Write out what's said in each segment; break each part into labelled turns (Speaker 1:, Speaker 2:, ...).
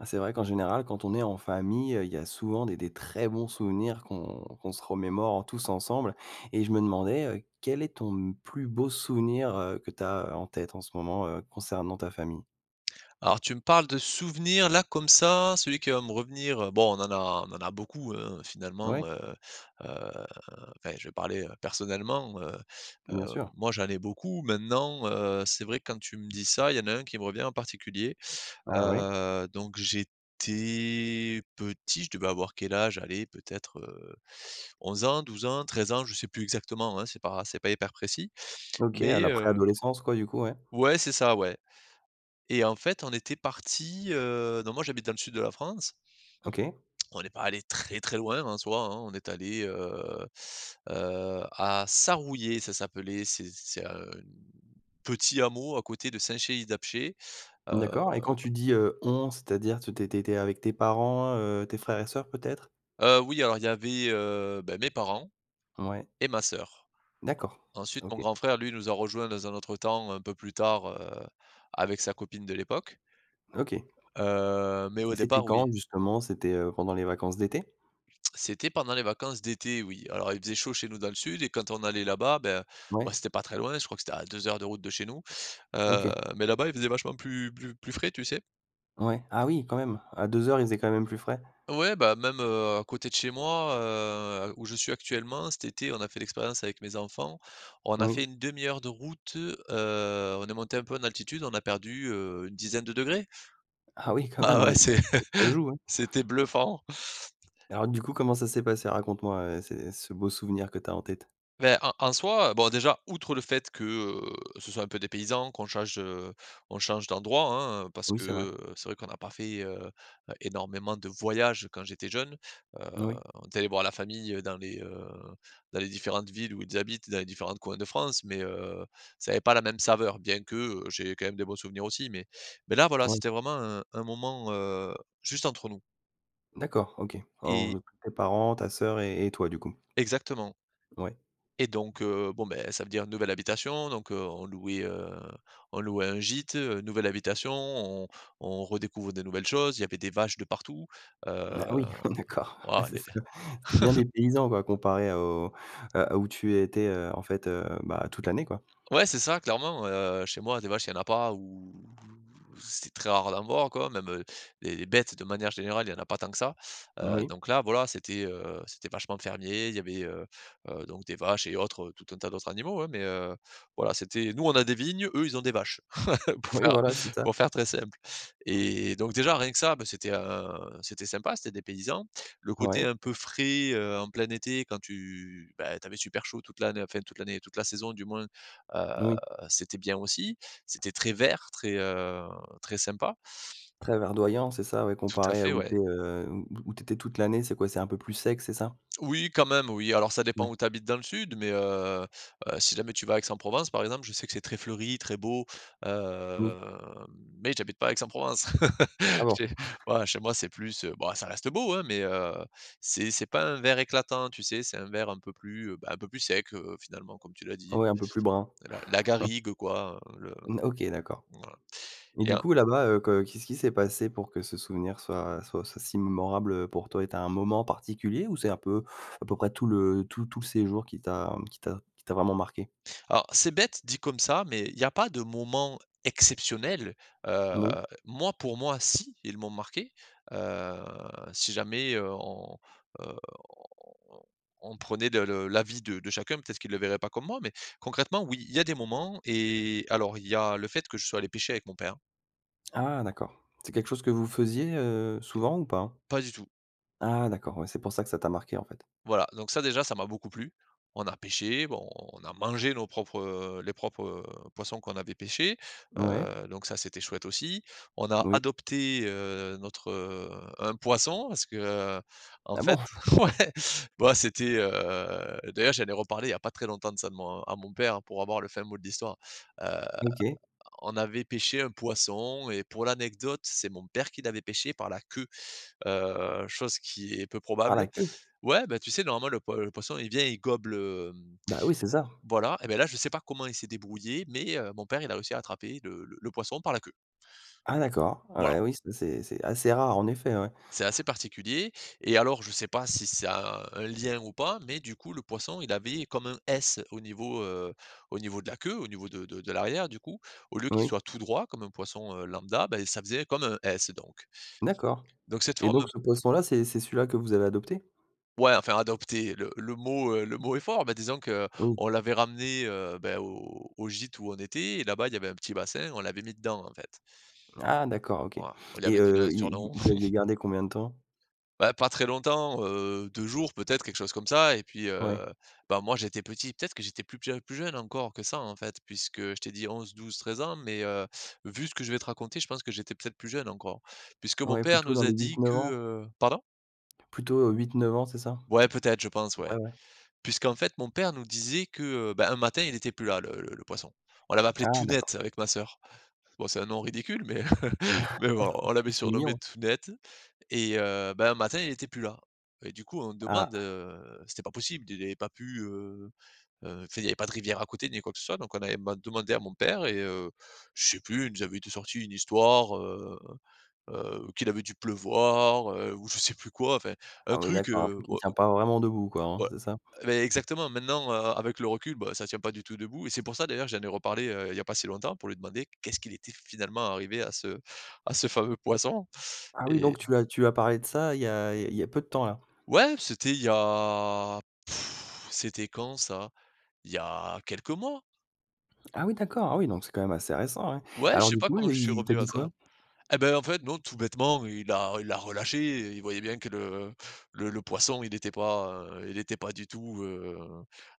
Speaker 1: Bah, c'est vrai qu'en général quand on est en famille, heu, il y a souvent des des très bons souvenirs qu'on qu'on se remémore tous ensemble. Et je me demandais, heu, quel est ton m plus beau souvenir, heu, que tu as en tête en ce moment, heu, concernant ta famille?
Speaker 2: Alors tu me parles de souvenirs là comme ça. Celui qui va me revenir, bon on en a on en a beaucoup, hein,
Speaker 1: Ouais.
Speaker 2: finalement, heu, heu, enfin je vais parler, heu, personnellement, heu.
Speaker 1: Bien
Speaker 2: Heu,
Speaker 1: sûr.
Speaker 2: moi j'en ai beaucoup maintenant, heu, c'est vrai quand tu me dis ça, il y en a 1 qui me revient en particulier.
Speaker 1: Ah ouais.
Speaker 2: Heu, donc j'étais petit je devais avoir quel âge? Allez, peut-être, heu, 11 ans, 12 ans, 13 ans. Je sais plus exactement, hein, c'est pas c'est pas hyper précis
Speaker 1: OK, à
Speaker 2: mais,
Speaker 1: la
Speaker 2: heu
Speaker 1: préadolescence quoi du coup, ouais.
Speaker 2: Ouais. C'est ça, ouais. Et en fait on était parti, heu donc moi j'habite dans le sud de la France.
Speaker 1: OK.
Speaker 2: On n'est pas allé très très loin en soi, hein. On est allé, heu, heu, à Sarouillet ça s'appelait. C'est c'est un petit hameau à côté de Saint-Chély-d'Apcher, heu
Speaker 1: D'accord et quand tu dis, heu, on, c'est-à-dire t t tu étais avec tes parents, heu, tes frères et sœurs peut-être?
Speaker 2: Heu, oui. Alors il y avait, heu, beh, mes parents
Speaker 1: Mouais.
Speaker 2: et ma sœur.
Speaker 1: D'accord,
Speaker 2: En ensuite mon
Speaker 1: OK.
Speaker 2: grand frère lui nous a rejoint dans un autre temps un peu plus tard, heu, avec sa copine de l'époque.
Speaker 1: OK. Et
Speaker 2: Heu, mais au
Speaker 1: c'était
Speaker 2: départ, oui.
Speaker 1: quand justement c'était, heu, pendant les vacances d'été?
Speaker 2: C'était pendant les vacances d'été, oui. Alors, il faisait chaud chez nous dans le sud et quand on allait là-bas. Ben, bah,
Speaker 1: Mouais.
Speaker 2: c'était pas très loin, je crois que c'était à 2 heures de route de chez nous. Heu,
Speaker 1: OK.
Speaker 2: mais là-bas il faisait vachement plus plus plus frais, tu sais?
Speaker 1: Ouais. Ah oui quand même à 2 heures il faisait quand même plus frais!
Speaker 2: Ouais bah même, heu, à côté de chez moi, heu, où je suis actuellement cet été on a fait l'expérience avec mes enfants. On a fait
Speaker 1: Oui.
Speaker 2: 1/2 de route. Heu, on est monté un peu en altitude, on a perdu, heu, une dizaine de degrés.
Speaker 1: Ah oui, quand même
Speaker 2: Ah ouais
Speaker 1: ouais. [unintelligible]
Speaker 2: c'é
Speaker 1: Ça joue, hein!
Speaker 2: c'était bluffant.
Speaker 1: Et alors du coup, comment ça s'est passé? Raconte moi, heu, ces ce beau souvenir que tu as en tête.
Speaker 2: Ben, en en soi bon déjà outre le fait que, heu, ce soit un peu dépaysant qu'on change, heu, on change d'endroit, hein. Parce
Speaker 1: Oui,
Speaker 2: que,
Speaker 1: c'est vrai.
Speaker 2: heu, c'est vrai qu'on a pas fait, heu, heu, énormément de voyages quand j'étais jeune. Heu,
Speaker 1: Oui.
Speaker 2: on était aller voir la famille dans les, heu, dans les différentes villes où ils habitent, dans les différentes coins de France. Mais, heu, ça avait pas la même saveur. Bien que, heu, j'ai quand même des bons souvenirs aussi. Mais mais là voilà
Speaker 1: Ouais.
Speaker 2: c'était vraiment un un moment, heu, juste entre nous.
Speaker 1: D'accord. OK. Alors,
Speaker 2: Et
Speaker 1: heu, que tes parents, ta sœur et et toi du coup.
Speaker 2: Exactement.
Speaker 1: Ouais.
Speaker 2: Et donc, heu, bon, beh, ça veut dire nouvelle habitation donc, heu, on louait, heu, on louait un gîte, heu, nouvelle habitation on on on redécouvre des nouvelles choses. Il y avait des vaches de partout,
Speaker 1: Bah oui
Speaker 2: heu
Speaker 1: d'accord. Ah
Speaker 2: waouh
Speaker 1: c'est
Speaker 2: les
Speaker 1: ça. C'était bien dépaysant quoi comparé au à où tu étais, heu, en fait, heu, bah, toute l'année quoi.
Speaker 2: Ouais c'est ça clairement, heu. Chez moi des vaches il y en a pas ou c'est très rare d'en voir quoi. Même, heu, les les bêtes de manière générale, il y en a pas tant que ça. Heu,
Speaker 1: Oui.
Speaker 2: donc là voilà c'était, heu, c'était vachement fermier il y avait, heu, heu, donc des vaches et autres tout un tas d'autres animaux, hein. Mais, heu, voilà c'était nous on a des vignes eux ils ont des vaches. pour
Speaker 1: Oui,
Speaker 2: faire
Speaker 1: voilà c'est ça.
Speaker 2: pour faire très simple. Et donc déjà rien que ça, bah, c'était un c'était sympa, c'était dépaysant. Le côté
Speaker 1: Ouais.
Speaker 2: un peu frais, heu, en plein été quand tu bah, tu avais super chaud toute l'ann enfin toute l'année, toute la saison du moins, heu,
Speaker 1: Oui.
Speaker 2: c'était bien aussi. C'était très vert, très, heu, très sympa!
Speaker 1: Très verdoyant c'est ça, ouais.
Speaker 2: Tout à
Speaker 1: Comparé à
Speaker 2: fait,
Speaker 1: où tu
Speaker 2: ouais.
Speaker 1: es, heu, où où où tu étais toute l'année. C'est quoi c'est un peu plus sec, c'est ça?
Speaker 2: Oui, quand même, oui. Alors ça
Speaker 1: Oui.
Speaker 2: dépend où tu habites dans le sud mais, heu, heu, si jamais tu vas à Aix-en-Provence par exemple je sais que c'est très fleuri, très beau
Speaker 1: Oui.
Speaker 2: heu, mais j'habite pas à Aix-en-Provence.
Speaker 1: Ah bon.
Speaker 2: J'ai voilà chez moi c'est plus bah, ça reste beau, hein. Mais, heu, c'est c'est pas un vert éclatant, tu sais? C'est un vert un peu plus, heu, bah un peu plus sec, heu, finalement comme tu l'as dit.
Speaker 1: Ouais un peu plus brun.
Speaker 2: La la garrigue quoi, le
Speaker 1: Mmh. OK, d'accord.
Speaker 2: voilà.
Speaker 1: Et
Speaker 2: Et
Speaker 1: du
Speaker 2: en
Speaker 1: coup là-bas, heu, que qu'est-ce qui s'est passé pour que ce souvenir soit soit soit si mémorable, heu, pour toi? Et tu as un moment particulier ou c'est un peu, à peu près tout le tout tout le séjour qui t'a qui t'a qui t'a vraiment marqué?
Speaker 2: Alors c'est bête dit comme ça, mais il y a pas de moment exceptionnel. Heu,
Speaker 1: Moui.
Speaker 2: moi pour moi, si. Ils m'ont marqué. Heu, si jamais, heu, on, heu, on on prenait de l'avis de de chacun peut-être qu'il le verrait pas comme moi. Mais concrètement, oui. Il y a des moments. Et alors il y a le fait que je sois allé pêcher avec mon père.
Speaker 1: Ah d'accord. C'est quelque chose que vous faisiez, heu, souvent ou pas?
Speaker 2: Pas du tout.
Speaker 1: Ah d'accord, ouais c'est pour ça que ça t'a marqué en fait.
Speaker 2: Voilà. Donc ça déjà ça m'a beaucoup plu. On a pêché, bon on a mangé nos propres, heu les propres, heu, poissons qu'on avait pêchés.
Speaker 1: Ouais.
Speaker 2: Heu, donc ça c'était chouette aussi. On a
Speaker 1: Oui.
Speaker 2: adopté, heu, notre, heu un poisson parce que, heu, en
Speaker 1: Ah bon.
Speaker 2: fait ouais bah, c'était, heu d'ailleurs j'en ai reparlé il y a pas très longtemps de ça, de mon à mon père pour avoir le fin mot de l'histoire. Heu,
Speaker 1: OK.
Speaker 2: on avait pêché un poisson et pour l'anecdote c'est mon père qui l'avait pêché par la queue. Heu, chose qui est peu
Speaker 1: Par la
Speaker 2: probable
Speaker 1: queue?
Speaker 2: ouais, bah, tu sais normalement le poi le poisson il vient il gobe le, hum
Speaker 1: Bah oui, c'est ça.
Speaker 2: voilà. Et ben là je sais pas comment il s'est débrouillé, mais, heu, mon père il a réussi à attraper le le le poisson par la queue.
Speaker 1: Ah d'accord. Ah
Speaker 2: Voilà.
Speaker 1: ben oui, ça c'est c'est c'est assez rare en effet, ouais.
Speaker 2: C'est assez particulier et alors je sais pas si ça a un lien ou pas. Mais du coup le poisson il avait comme un S au niveau, heu, au niveau de la queue, au niveau de de de l'arrière du coup. Au lieu qu'il
Speaker 1: Oui.
Speaker 2: soit tout droit comme un poisson, heu, lambda. Ben ça faisait comme un S donc.
Speaker 1: D'accord.
Speaker 2: Donc cette
Speaker 1: Et
Speaker 2: forme
Speaker 1: donc ce poisson là, c'est c'est celui-là que vous avez adopté?
Speaker 2: Ouais. Enfin, adopter le le mot, heu, le mot est fort. Mais disons
Speaker 1: Oui.
Speaker 2: qu'on l'avait ramené, heu, beh, au au gîte où on était. Et là-bas il y avait un petit bassin, on l'avait mis dedans en fait.
Speaker 1: Ah, d'accord OK.
Speaker 2: Voilà, on lui
Speaker 1: Et,
Speaker 2: avait donné
Speaker 1: heu,
Speaker 2: un
Speaker 1: il vous
Speaker 2: surnom.
Speaker 1: vous l'aviez gardé combien de temps?
Speaker 2: Bah pas très longtemps, heu, 2 jours peut-être quelque chose comme ça. Et puis,
Speaker 1: Ouais.
Speaker 2: heu, bah, moi j'étais petit peut-être que j'étais plus p plus jeune encore que ça en fait puisque je t'ai dit 11-12-13 ans. Mais, heu, vu ce que je vais te raconter je pense que j'étais peut-être plus jeune encore. Puisque mon
Speaker 1: Ouais
Speaker 2: père
Speaker 1: plutôt dans
Speaker 2: nous a
Speaker 1: les
Speaker 2: dit
Speaker 1: 8-9
Speaker 2: que,
Speaker 1: ans?
Speaker 2: heu pardon?
Speaker 1: Plutôt, heu, 8-9 ans, c'est ça? A
Speaker 2: Ouais. Peut-être, je pense.
Speaker 1: peu
Speaker 2: Ouais.
Speaker 1: près ouais.
Speaker 2: Puisqu'en fait mon père nous disait que, heu, bah, un matin il était plus là le le le poisson. On l'avait appelé
Speaker 1: Ah,
Speaker 2: Tounette
Speaker 1: d'accord.
Speaker 2: avec ma sœur. Bon, c'est un nom ridicule mais, heu, mais bon on
Speaker 1: Oui.
Speaker 2: l'avait
Speaker 1: C'est
Speaker 2: surnommé
Speaker 1: mignon.
Speaker 2: Tounette. Et, heu, ben un matin il était plus là. Et du coup on demande,
Speaker 1: Ah.
Speaker 2: heu c'était pas possible, d il avait pas pu, heu, heu, enfin y avait pas de rivières à côté ni quoi que ce soit. Donc on avait man demandé à mon père et, heu, je sais plus il nous avait été sorti une histoire. Heu, heu, qu'il avait dû pleuvoir, heu, ou je sais plus quoi enfin un
Speaker 1: Ah oui,
Speaker 2: truc,
Speaker 1: d'accord. Un
Speaker 2: heu
Speaker 1: truc qui ne tient pas vraiment debout quoi, hein,
Speaker 2: Ouais.
Speaker 1: c'est ça?
Speaker 2: Et, beh, exactement maintenant, heu, avec le recul, bah, ça tient pas du tout debout. Et c'est pour ça d'ailleurs que j'en ai reparlé, heu, il y a pas si longtemps. Pour lui demander qu'est-ce qu'il était finalement arrivé à ce à ce fameux poisson
Speaker 1: Ah oui,
Speaker 2: et
Speaker 1: donc tu as tu as parlé de ça il y a il y il y a peu de temps là?
Speaker 2: Ouais, c'était il y a c'était quand ça? Il y a quelques mois.
Speaker 1: Ah oui, d'accord. Ah oui donc c'est quand même assez récent, ouais.
Speaker 2: Ouais, je
Speaker 1: Alors
Speaker 2: sais
Speaker 1: du
Speaker 2: pas
Speaker 1: coup
Speaker 2: comment je
Speaker 1: il
Speaker 2: suis
Speaker 1: il t'a
Speaker 2: revenu à
Speaker 1: dit quoi?
Speaker 2: ça. Et ben en fait non tout bêtement il l'a il l'a relâché. Il voyait bien que le le le poisson il était pas, heu, il était pas du tout, heu,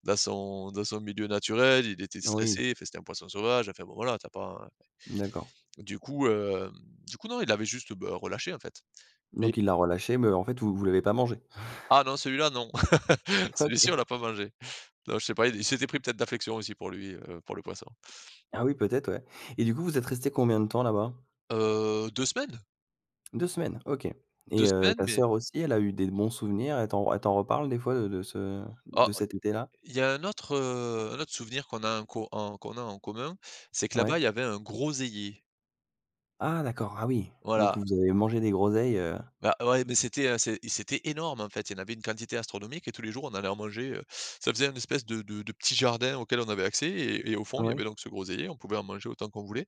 Speaker 2: dans son dans son milieu naturel. Il était
Speaker 1: Oui.
Speaker 2: stressé, enfin c'était un poisson sauvage. Enfin bon voilà tu as pas
Speaker 1: D'accord.
Speaker 2: du coup, hem du coup non il avait juste, bah, relâché en fait, mais
Speaker 1: Donc il l'a relâché, mais en fait vous vous l'avez pas mangé?
Speaker 2: Ah non, celui-là, non. Celui-ci
Speaker 1: OK.
Speaker 2: on l'a pas mangé. Non, je sais pas il il s'était pris peut-être d'affection aussi pour lui, heu, pour le poisson.
Speaker 1: Ah oui, peut-être, ouais. Et du coup vous êtes restés combien de temps là-bas?
Speaker 2: Heu, 2 semaines.
Speaker 1: 2 semaines, OK.
Speaker 2: 2
Speaker 1: Et, heu,
Speaker 2: semaines,
Speaker 1: ta
Speaker 2: mais
Speaker 1: sœur aussi elle a eu des bons souvenirs, elle t'en elle t'en reparle des fois, heu, de de ce
Speaker 2: Oh.
Speaker 1: de cet été là?
Speaker 2: Il y a un autre, heu, un autre souvenir qu'on a en co en qu'on a en commun. C'est que
Speaker 1: Ouais.
Speaker 2: là-bas il y avait un groseillier.
Speaker 1: Ah d'accord, ah oui. Donc
Speaker 2: Voilà.
Speaker 1: vous avez mangé des groseilles, heu.
Speaker 2: Bah. Ouais. Mais c'était un, c'é c'était énorme en fait. Il y en avait une quantité astronomique et tous les jours on allait en manger, heu, ça faisait un espèce de de de petit jardin auquel on avait accès. Et et au fond il y avait
Speaker 1: Oui.
Speaker 2: donc ce groseillier, on pouvait en manger autant qu'on voulait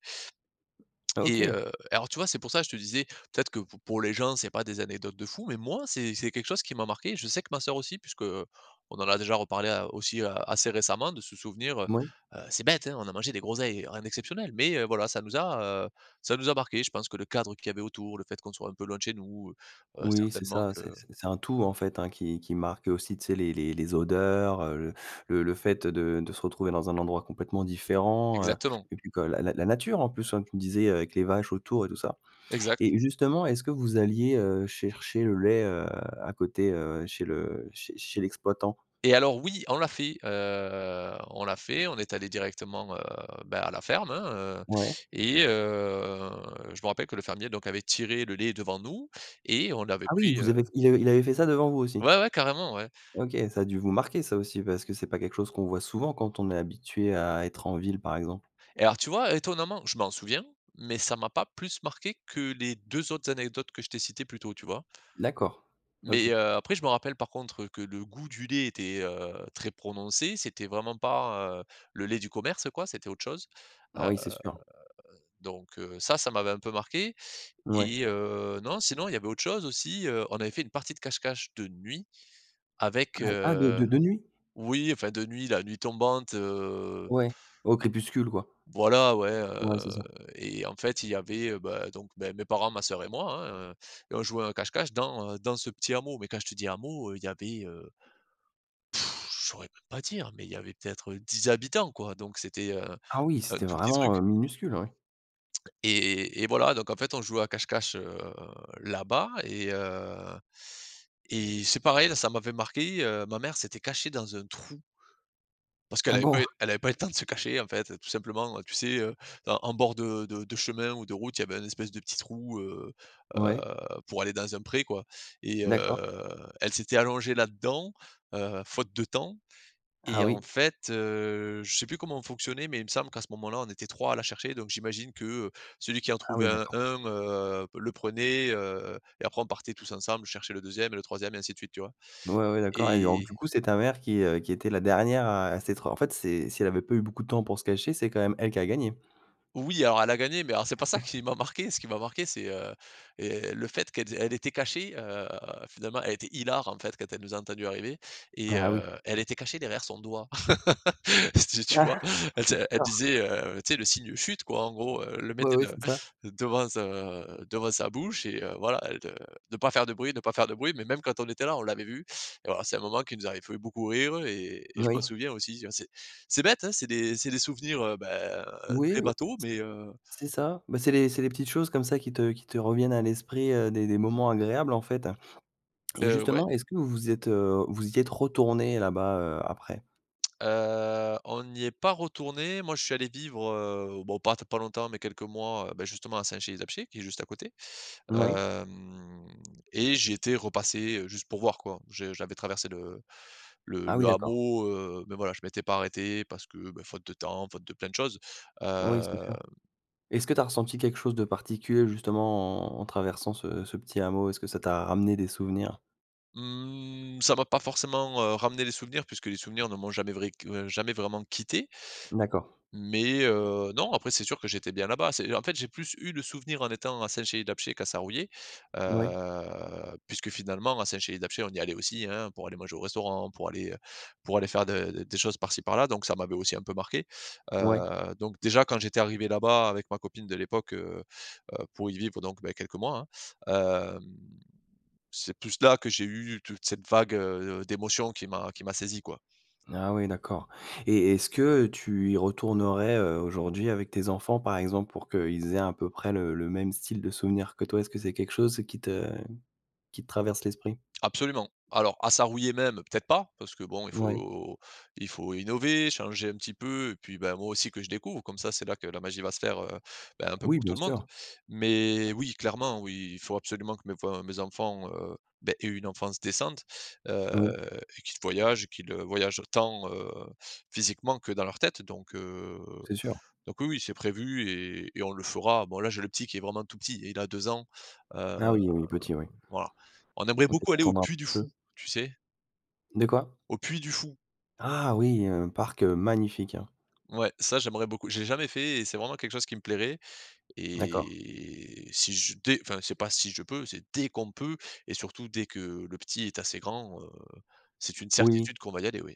Speaker 2: et,
Speaker 1: OK.
Speaker 2: heu et alors tu vois c'est pour ça je te disais. Peut-être que p pour les gens c'est pas des anecdotes de fou. Mais moi c'est c'est quelque chose qui m'a marqué. Je sais que ma sœur aussi puisque, heu, on en a déjà reparlé a aussi, heu, assez récemment de ce souvenir, heu.
Speaker 1: Moui.
Speaker 2: Heu, c'est bête hein, on a mangé des groseilles, rien d'exceptionnel. Mais, heu, voilà ça nous a, heu, ça nous a marqué. Je pense que le cadre qu'il y avait autour, le fait qu'on soit un peu loin de chez nous, heu, heu,
Speaker 1: Oui, c'est
Speaker 2: certainement
Speaker 1: ça,
Speaker 2: que
Speaker 1: c'est c'est c'est un tout en fait, hein qui qui marque. Aussi tu sais les les les odeurs, heu, le le le fait, heu, de de se retrouver dans un endroit complètement différent, heu.
Speaker 2: Exactement.
Speaker 1: Et puis quand la la la nature en plus. Comme tu me disais avec les vaches autour et tout ça.
Speaker 2: Exact.
Speaker 1: Et justement est-ce que vous alliez, heu, chercher le lait, heu, à côté, heu, chez le chez chez l'exploitant?
Speaker 2: Et alors, oui. On l'a fait, heu, on l'a fait, on est allé directement, heu, ben à la ferme, hein, heu.
Speaker 1: Ouais.
Speaker 2: Et heu, je me rappelle que le fermier donc avait tiré le lait devant nous et on l'avait
Speaker 1: Ah oui,
Speaker 2: pris,
Speaker 1: vous
Speaker 2: heu
Speaker 1: avez il avait il avait fait ça devant vous aussi?
Speaker 2: Ouais ouais. Carrément, ouais.
Speaker 1: OK ça a dû vous marquer ça aussi parce que c'est pas quelque chose qu'on voit souvent quand on est habitué à être en ville par exemple?
Speaker 2: Et alors tu vois étonnamment, je m'en souviens. Mais ça m'a pas plus marqué que les 2 autres anecdotes que je t'ai citées plus tôt tu vois?
Speaker 1: D'accord,
Speaker 2: Mais,
Speaker 1: OK.
Speaker 2: heu, après je me rappelle par contre que le goût du lait était, heu, très prononcé. C'était vraiment pas, heu, le lait du commerce quoi, c'était autre chose.
Speaker 1: Ah
Speaker 2: Heu,
Speaker 1: oui, c'est sûr.
Speaker 2: donc, heu, ça, ça m'avait un peu marqué.
Speaker 1: Mouais.
Speaker 2: Et heu, non sinon il y avait autre chose aussi, heu. On avait fait une partie de cache-cache de nuit
Speaker 1: Ah,
Speaker 2: avec,
Speaker 1: bah ah, de
Speaker 2: heu
Speaker 1: de de nuit?
Speaker 2: oui enfin de nuit, la nuit tombante, heu
Speaker 1: Ouais, au crépuscule quoi.
Speaker 2: Voilà, ouais,
Speaker 1: Ouais, c'est
Speaker 2: heu.
Speaker 1: ça.
Speaker 2: Et en fait il y avait, heu, bah, donc, beh, mes parents ma sœur et moi, hein, heu. Et on jouait un cache-cache dans, heu, dans ce petit hameau, mais quand je te dis hameau, heu, il y avait, heu je saurais même pas dire, mais il y avait peut-être, heu, 10 habitants quoi. Donc c'était, heu,
Speaker 1: Ah oui,
Speaker 2: un
Speaker 1: c'était
Speaker 2: tout petit
Speaker 1: vraiment,
Speaker 2: truc.
Speaker 1: heu, minuscule, oui!
Speaker 2: Et et voilà donc en fait on jouait à cache-cache, heu, là-bas. Et, heu et c'est pareil, là ça m'avait marqué, heu, ma mère s'était cachée dans un trou parce
Speaker 1: Ah
Speaker 2: qu'elle avait
Speaker 1: bon.
Speaker 2: pas eu elle avait pas eu le temps de se cacher en fait tout simplement. Heu, tu sais, heu, en en bord de de de chemin ou de route il y avait un espèce de petit trou, heu, heu,
Speaker 1: Ouais.
Speaker 2: pour aller dans un pré quoi. Et heu,
Speaker 1: D'accord.
Speaker 2: elle s'était allongée là-dedans, heu, faute de temps.
Speaker 1: Ah
Speaker 2: Et en
Speaker 1: oui?
Speaker 2: fait, heu, je sais plus comment on fonctionnait mais il me semble qu'à ce moment-là on était 3 à la chercher donc j'imagine que, heu, celui qui en
Speaker 1: Ah
Speaker 2: trouvait
Speaker 1: oui,
Speaker 2: un
Speaker 1: d'accord.
Speaker 2: un, heu, le prenait, heu, et après on partait tous ensemble chercher le 2ème et le 3ème et ainsi de suite tu vois
Speaker 1: Ouais, ouais, d'accord. Et alors donc
Speaker 2: et
Speaker 1: du coup c'est ta mère qui, heu, qui était la dernière à à s'être en fait c'est, si elle avait pas eu beaucoup de temps pour se cacher, c'est quand même elle qui a gagné.
Speaker 2: Oui, alors elle a gagné. Mais alors c'est pas ça
Speaker 1: [unintelligible]
Speaker 2: qui m'a marqué. Ce qui m'a marqué, c'est, heu et le fait qu'elle ét elle était cachée, heu, finalement elle était hilare en fait quand elle nous a entendus arriver. Et,
Speaker 1: Ah oui.
Speaker 2: heu, elle était cachée derrière son doigt c'était tu vois? Elle se elle
Speaker 1: D'accord.
Speaker 2: disait, heu, tu sais le signe chut quoi en gros, heu. Elle le
Speaker 1: Ouais,
Speaker 2: mettait
Speaker 1: ouais.
Speaker 2: de
Speaker 1: C'est ça.
Speaker 2: devant sa devant sa bouche. Et, heu, voilà de de pas faire de bruit, ne pas faire de bruit. Mais même quand on était là on l'avait vue. Et alors c'est un moment qui nous avait fait beaucoup rire et et je m'en
Speaker 1: Oui.
Speaker 2: souviens aussi. Tu vois, c'est c'est bête, hein. C'est des c'est des souvenirs, heu, bah, heu,
Speaker 1: Oui,
Speaker 2: très
Speaker 1: ouais.
Speaker 2: bateau, mais heu
Speaker 1: C'est ça. Bah c'est les c'est les petites choses comme ça qui te qui te reviennent à l'esprit, heu, des des moments agréables en fait. Et
Speaker 2: Heu, ouais.
Speaker 1: justement, est-ce que vous êtes, heu vous y êtes retournés là-bas, heu, après?
Speaker 2: Heu, on y est pas retourné. Moi je suis allé vivre, heu, bon pas t pas longtemps mais quelques mois. Heu, beh, justement à Saint-Chély-d'Apcher qui est juste à côté.
Speaker 1: Moui.
Speaker 2: Hem, et j'y étais repassé, heu, juste pour voir quoi. Je j'avais traversé le le
Speaker 1: Ah oui,
Speaker 2: le
Speaker 1: d'accord.
Speaker 2: hameau, heu. Mais voilà je m'étais pas arrêté parce que, bah, faute de temps, faute de plein de choses.
Speaker 1: Oui, c'est
Speaker 2: Hem
Speaker 1: sûr. Est-ce que tu as ressenti quelque chose de particulier justement en en traversant ce ce petit hameau? Est-ce que ça t'a ramené des souvenirs?
Speaker 2: Mmh ça m'a pas forcément, heu, ramené les souvenirs puisque les souvenirs ne m'ont jamais vrai que jamais vraiment quitté.
Speaker 1: D'accord.
Speaker 2: M mais heu, non après c'est sûr que j'étais bien là-bas, c'est en fait, j'ai plus eu le souvenir en étant à Saint-Chély-d'Apcher qu'à Sarrouillet
Speaker 1: Oui.
Speaker 2: heu puisque, finalement, à Saint-Chély-d'Apcher on y allait aussi hein, pour aller manger au restaurant, pour aller, heu, pour aller faire de des choses par-ci par-là donc ça m'avait aussi un peu marqué.
Speaker 1: Oui.
Speaker 2: Heu, donc déjà quand j'étais arrivé là-bas, avec ma copine de l'époque, heu heu, pour y vivre donc, beh, quelques mois hein, hem c'est plus là, que j'ai eu toute cette vague, heu, d'émotion qui m'a qui m'a saisi quoi.
Speaker 1: Ah oui, d'accord. Et, est-ce que tu y retournerais, heu, aujourd'hui avec tes enfants, par exemple, pour qu'ils aient à peu près le le même style de souvenirs que toi? Est-ce que c'est quelque chose qui te qui te traverse l'esprit?
Speaker 2: Absolument. Alors à Sarrouillet même peut-être pas, parce que bon il
Speaker 1: Ouais.
Speaker 2: faut il faut innover, changer un petit peu et puis ben moi aussi que je découvre, comme ça c'est là que la magie va se faire, heu, ben, un
Speaker 1: Ah,
Speaker 2: peu
Speaker 1: oui,
Speaker 2: pour tout
Speaker 1: bien
Speaker 2: le monde.
Speaker 1: sûr!
Speaker 2: Mais oui clairement oui, il faut absolument que mes enfin mes enfants, heu, beh, aient une enfance décente,
Speaker 1: Oui.
Speaker 2: heu, et qu'ils voyagent. Qu'ils voyagent tant, heu, physiquement, que dans leur tête donc, heu,
Speaker 1: C'est sûr.
Speaker 2: donc oui-oui c'est prévu et, et on le fera. Bon là j'ai le petit qui est vraiment tout petit. Il a 2 ans, heu,
Speaker 1: Ah oui, oui, petit, oui.
Speaker 2: voilà. On aimerait beaucoup
Speaker 1: Peut-être
Speaker 2: aller au
Speaker 1: attendre un
Speaker 2: Puy du Fou
Speaker 1: peu.
Speaker 2: tu sais?
Speaker 1: De quoi?
Speaker 2: Au Puy du Fou.
Speaker 1: Ah oui, heu, parc, heu, magnifique hein.
Speaker 2: Ouais ça j'aimerais beaucoup. J'ai jamais fait et c'est vraiment quelque chose qui me plairait.
Speaker 1: D'accord.
Speaker 2: Et si je dès enfin c'est pas si je peux c'est, dès qu'on peut, et surtout dès que le petit est assez grand, heu, c'est une
Speaker 1: Oui.
Speaker 2: certitude qu'on va y aller oui.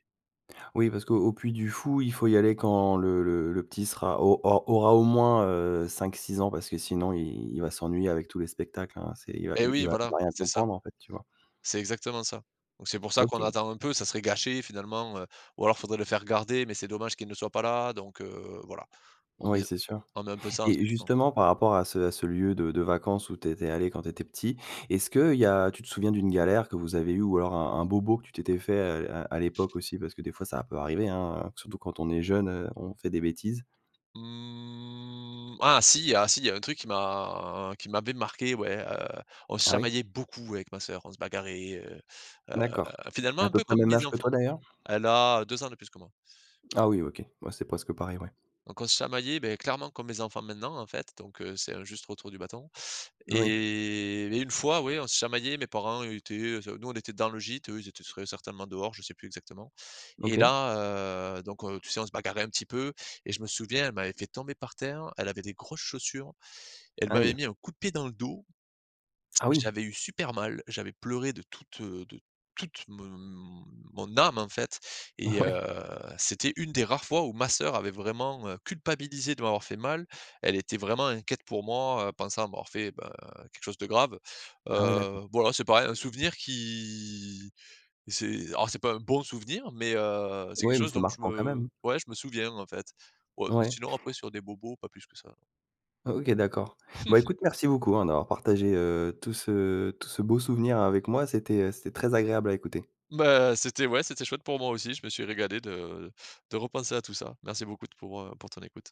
Speaker 1: Oui, parce qu'au Puy du Fou, il faut y aller quand le le le petit sera au au aura, au moins, heu, 5-6 ans parce que sinon il il va s'ennuyer avec tous les spectacles hein, c'est il va
Speaker 2: Et
Speaker 1: il
Speaker 2: oui
Speaker 1: va il
Speaker 2: voilà,
Speaker 1: va rien
Speaker 2: c'est ça.
Speaker 1: comprendre, en fait, tu vois?
Speaker 2: C'est exactement ça. Donc c'est pour ça qu'on
Speaker 1: OK.
Speaker 2: attend un peu, ça serait gâché finalement, heu, ou alors faudrait le faire garder, mais c'est dommage qu'il ne soit pas là, donc heu, voilà. On met
Speaker 1: Oui c'est sûr.
Speaker 2: on met un peu ça en
Speaker 1: Et,
Speaker 2: suspens.
Speaker 1: justement, par rapport à ce à ce lieu de de vacances où tu étais allé quand tu étais petit. Est-ce qu'il y a, tu te souviens d'une galère que vous avez eu ou alors un un bobo que tu t'étais fait à à à l'époque aussi? Parce que des fois ça peut arriver hein, surtout quand on est jeune, heu, on fait des bêtises.
Speaker 2: Mmh ah si, ah si! Il y a un truc qui m'a qui m'avait marqué ouais, heu. On se
Speaker 1: Ah oui?
Speaker 2: chamaillait beaucoup avec ma soeur, on se bagarrait, heu heu,
Speaker 1: D'accord.
Speaker 2: finalement
Speaker 1: À
Speaker 2: un
Speaker 1: peu
Speaker 2: peu
Speaker 1: près le
Speaker 2: comme
Speaker 1: même
Speaker 2: mes
Speaker 1: âge que toi
Speaker 2: enfants.
Speaker 1: d'ailleurs?
Speaker 2: Elle a 2 ans de plus que moi.
Speaker 1: Ah oui OK, ouais c'est presque pareil ouais.
Speaker 2: Donc on se chamaillait, beh clairement comme mes enfants maintenant en fait, donc heu, c'est un juste retour du bâton.
Speaker 1: Oui.
Speaker 2: Et beh, une fois ouais, on se chamaillait mes parents étaient, nous on était dans le gîte eux ils étaient très certainement dehors, je sais plus exactement. Et
Speaker 1: OK.
Speaker 2: là heu, donc heu, tu sais, on se bagarrait un petit peu et je me souviens, elle m'avait fait tomber par terre. Elle avait des grosses chaussures, elle m'avait
Speaker 1: Aie!
Speaker 2: mis un coup de pied dans le dos,
Speaker 1: Ah oui!
Speaker 2: j'avais eu super mal. J'avais pleuré de toute, heu, de toute m mon âme en fait
Speaker 1: Ah
Speaker 2: et
Speaker 1: ouais.
Speaker 2: heu, c'était une des rares fois où ma soeur avait vraiment, heu, culpabilisé de m'avoir fait mal, elle était vraiment inquiète pour moi, heu, pensant m'avoir fait, beh, quelque chose de grave.
Speaker 1: Ah ouais d'accord.
Speaker 2: Heu, voilà, c'est pareil, un souvenir qui, c'est alors c'est pas un bon souvenir, mais, heu, c'est quelque
Speaker 1: Oui, mais
Speaker 2: chose
Speaker 1: c'est
Speaker 2: dont je
Speaker 1: marquant quand
Speaker 2: me,
Speaker 1: même.
Speaker 2: ouais je me souviens en fait, ouais mais
Speaker 1: Ouais.
Speaker 2: sinon après sur des bobos, pas plus que ça non.
Speaker 1: O OK d'accord. Bon
Speaker 2: Mmh mh.
Speaker 1: écoute merci beaucoup hein, d'avoir partagé, heu, tout ce tout ce beau souvenir avec moi, c'était, heu, c'était très agréable à écouter.
Speaker 2: Beh c'était ouais, c'était chouette pour moi aussi. Je me suis régalé de de repenser à tout ça. Merci beaucoup d pour, heu, pour ton écoute.